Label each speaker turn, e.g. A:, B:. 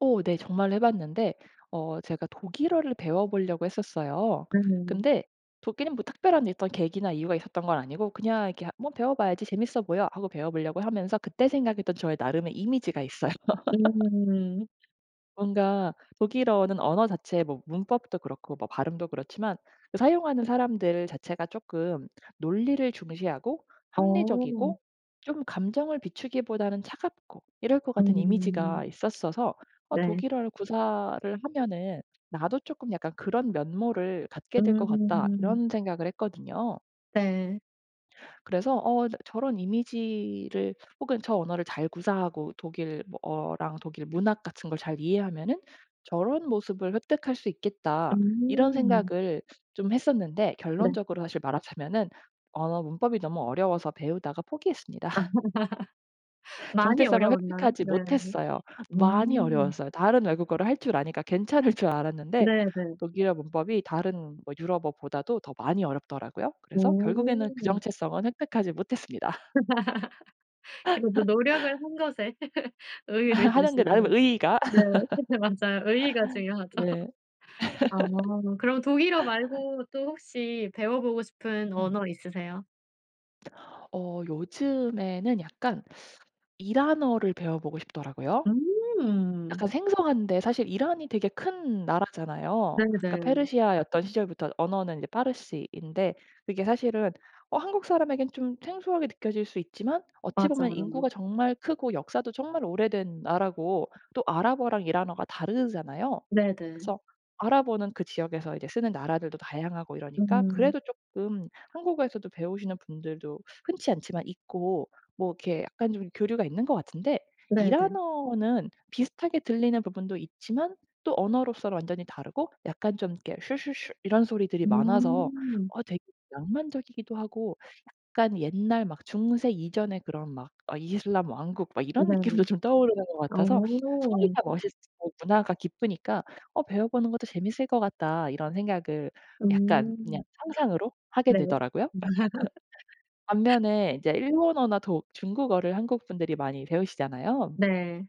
A: 어 네. 정말 해봤는데 어 제가 독일어를 배워 보려고 했었어요.
B: 네네네.
A: 근데 독일은 뭐 특별한 어떤 계기나 이유가 있었던 건 아니고 그냥 이렇게 한 뭐 '배워 봐야지. 재밌어 보여.' 하고 배워 보려고 하면서 그때 생각했던 저의 나름의 이미지가 있어요.
B: 음.
A: 뭔가 독일어는 언어 자체에 뭐 문법도 그렇고 뭐 발음도 그렇지만 그 사용하는 사람들 자체가 쪼끔 논리를 중시하고
B: 어.
A: 합리적이고 좀 감정을 비추기보다는 차갑고 이럴 것 같은 이미지가
B: 음.
A: 있었어서 어
B: 네.
A: 독일어를 구사를 하면은 나도 쪼끔 약간 그런 면모를 갖게 될 것 같다.
B: 음.
A: 이런 생각을 했거든요.
B: 네.
A: 그래서 '어 나 저런 이미지를 혹은 저 언어를 잘 구사하고 독일 뭐 어랑 독일 문학 같은 걸 잘 이해하면은 저런 모습을 획득할 수 있겠다.' 이런
B: 음.
A: 생각을 좀 했었는데
B: 네.
A: 결론적으로 사실 말하자면은 언어 문법이 너무 어려워서 배우다가 포기했습니다.
B: 많이
A: 정체성을
B: 어려웠나요?
A: 획득하지
B: 네.
A: 못했어요. 많이
B: 음.
A: 어려웠어요. 다른 외국어를 할 줄 아니까 괜찮을 줄 알았는데
B: 네네.
A: 독일어 문법이 다른 뭐 유럽어보다도 더 많이 어렵더라고요. 그래서 결국에는 그
B: 오.
A: 정체성은 획득하지 못했습니다.
B: 그래도 노력을 한 것에 의의를
A: 하는 데 나름의
B: 두시고.
A: 의의가.
B: 네. 맞아요. 의의가 중요하죠.
A: 네.
B: 아 그럼 독일어 말고 또 혹시 배워 보고 싶은
A: 응.
B: 언어 있으세요?
A: 어 요즘에는 약간 이란어를 배워 보고 싶더라고요.
B: 음.
A: 약간 생소한데 사실 이란이 되게 큰 나라잖아요. 그러니까
B: 네네.
A: 페르시아였던 시절부터 언어는 이제 파르시인데 이게 사실은 어 한국 사람에겐 좀 생소하게 느껴질 수 있지만 어찌 보면
B: 맞아요.
A: 인구가 정말 크고 역사도 정말 오래된 나라고 또 아랍어랑 이란어가 다르잖아요.
B: 네네.
A: 그래서 아랍어는 그 지역에서 이제 쓰는 나라들도 다양하고 이러니까
B: 음.
A: 그래도 쪼끔 한국어에서도 배우시는 분들도 흔치 않지만 있고 뭐 이렇게 약간 좀 교류가 있는 것 같은데
B: 네네.
A: 이란어는 비슷하게 들리는 부분도 있지만 또 언어로서는 완전히 다르고 약간 좀 이렇게 슈슈슈 이런 소리들이 많아서
B: 음.
A: 어 되게 낭만적이기도 하고 약간 옛날 막 중세 이전의 그런 막 아 이슬람 왕국 막 이런
B: 이란이
A: 느낌도 좀 떠오르는 것 같아서
B: 어.
A: 소리가 멋있고 문화가 깊으니까 어 '배워보는 것도 재밌을 것 같다.' 이런 생각을 약간 그냥
B: 음.
A: 상상으로 하게
B: 네.
A: 되더라고요. 반면에 인제 일본어나 독 중국어를 한국분들이 많이 배우시잖아요.
B: 네.